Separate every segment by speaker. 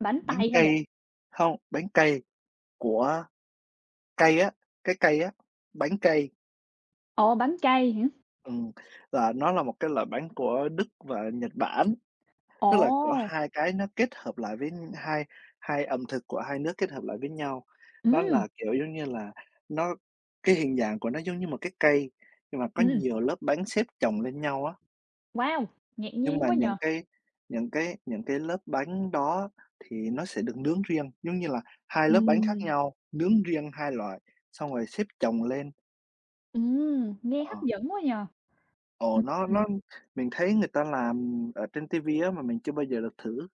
Speaker 1: Bánh
Speaker 2: Bánh
Speaker 1: Tây hả bạn?
Speaker 2: cây. Hông, bánh cây của cây á, cái cây á, bánh cây.
Speaker 1: Ồ! Bánh cây hả?
Speaker 2: Ừm, là nó là một cái loại bánh của Đức và Nhật Bản, tức là, kiểu,
Speaker 1: Ồ!
Speaker 2: hai cái nó kết hợp lại với hai hai ẩm thực của hai nước kết hợp lại với nhau, đó
Speaker 1: Ừm.
Speaker 2: là, kiểu, giống như là nó cái hình dạng của nó giống như một cái cây, nhưng mà có
Speaker 1: Ừm.
Speaker 2: nhiều lớp bánh xếp chồng lên nhau á.
Speaker 1: Wow, ngạc
Speaker 2: Nhưng
Speaker 1: nhiên
Speaker 2: mà
Speaker 1: quá nhỉ.
Speaker 2: những cái những cái những cái lớp bánh đó thì nó sẽ được nướng riêng, giống như là hai lớp bánh khác
Speaker 1: Ừm.
Speaker 2: nhau, nướng riêng hai loại, xong rồi xếp chồng lên.
Speaker 1: Ừm, nghe
Speaker 2: Ờ.
Speaker 1: hấp dẫn quá nhỉ.
Speaker 2: Ồ,
Speaker 1: Ừm,
Speaker 2: nó
Speaker 1: ừm.
Speaker 2: nó mình thấy người ta làm ở trên TV á, mà mình chưa bao giờ được thử,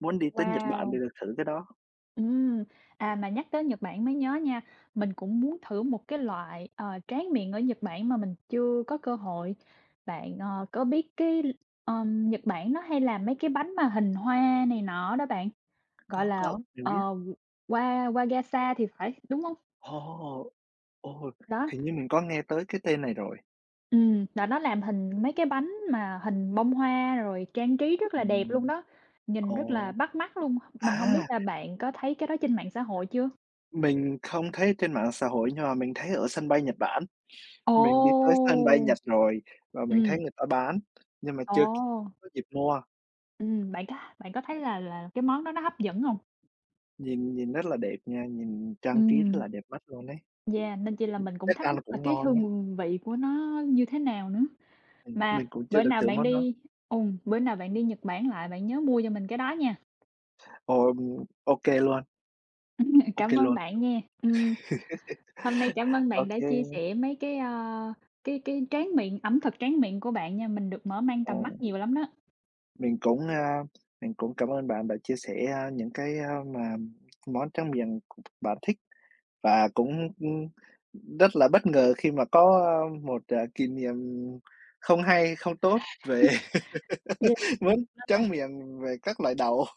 Speaker 2: muốn đi tới Nhật Bản thì
Speaker 1: Wow.
Speaker 2: được thử cái đó.
Speaker 1: Ừm, à, mà nhắc tới Nhật Bản mới nhớ nha, mình cũng muốn thử một cái loại, ờ, tráng miệng ở Nhật Bản mà mình chưa có cơ hội, bạn, ờ, có biết cái l ờm, Nhật Bản nó hay là mấy cái bánh mà hình hoa này nọ đó bạn, gọi
Speaker 2: Có,
Speaker 1: là,
Speaker 2: có mình
Speaker 1: ờ,
Speaker 2: biết.
Speaker 1: Wa Wa Wagasa thì phải, đúng hông?
Speaker 2: Ồ! Ồ,
Speaker 1: Đó.
Speaker 2: hình như mình có nghe tới cái tên này rồi.
Speaker 1: Ừm, là nó làm hình mấy cái bánh mà hình bông hoa rồi trang trí rất là đẹp luôn
Speaker 2: Ừm.
Speaker 1: đó, nhìn rất là
Speaker 2: Ồ.
Speaker 1: bắt mắt luôn, mình hông biết
Speaker 2: À.
Speaker 1: là bạn có thấy cái đó trên mạng xã hội chưa?
Speaker 2: Mình không thấy trên mạng xã hội nhưng mà mình thấy ở sân bay Nhật Bản,
Speaker 1: Ồ!
Speaker 2: mình đi tới sân bay Nhật rồi và mình thấy
Speaker 1: Ừm.
Speaker 2: người ta bán nhưng mà chưa
Speaker 1: Ồ.
Speaker 2: có dịp mua.
Speaker 1: Ừm, bạn có bạn có thấy là là cái món đó nó hấp dẫn hông?
Speaker 2: Nhìn nhìn rất là đẹp nha, nhìn trang trí rất
Speaker 1: Ừm,
Speaker 2: là đẹp mắt luôn ấy.
Speaker 1: Yeah, nên chi là
Speaker 2: Ừm,
Speaker 1: mình cũng
Speaker 2: chắc
Speaker 1: thắc
Speaker 2: ăn là
Speaker 1: mắc là
Speaker 2: cũng
Speaker 1: cái
Speaker 2: ngon á.
Speaker 1: hương vị của nó như thế nào nữa,
Speaker 2: Ừm, mình
Speaker 1: mà
Speaker 2: cũng chưa
Speaker 1: bữa
Speaker 2: được
Speaker 1: nào
Speaker 2: thử
Speaker 1: bạn
Speaker 2: món đó.
Speaker 1: đi ừm, bữa nào bạn đi Nhật Bản lại, bạn nhớ mua cho mình cái đó nha.
Speaker 2: Ờm. OK luôn.
Speaker 1: Ừm,
Speaker 2: OK
Speaker 1: cảm ơn
Speaker 2: luôn.
Speaker 1: bạn nha, ừm. Hôm nay cảm ơn bạn
Speaker 2: OK.
Speaker 1: đã chia sẻ mấy cái, ơ, cái cái tráng miệng, ẩm thực tráng miệng của bạn nha, mình được mở mang tầm mắt
Speaker 2: Ồ.
Speaker 1: nhiều lắm đó.
Speaker 2: Mình cũng, a, mình cũng cảm ơn bạn đã chia sẻ, a, những cái, a, mà món tráng miệng c bạn thích và cũng, ừm, ừm, rất là bất ngờ khi mà có một, ờ, kỷ niệm không hay, không tốt về
Speaker 1: Yeah, nên
Speaker 2: món tráng
Speaker 1: là
Speaker 2: miệng về các loại đậu.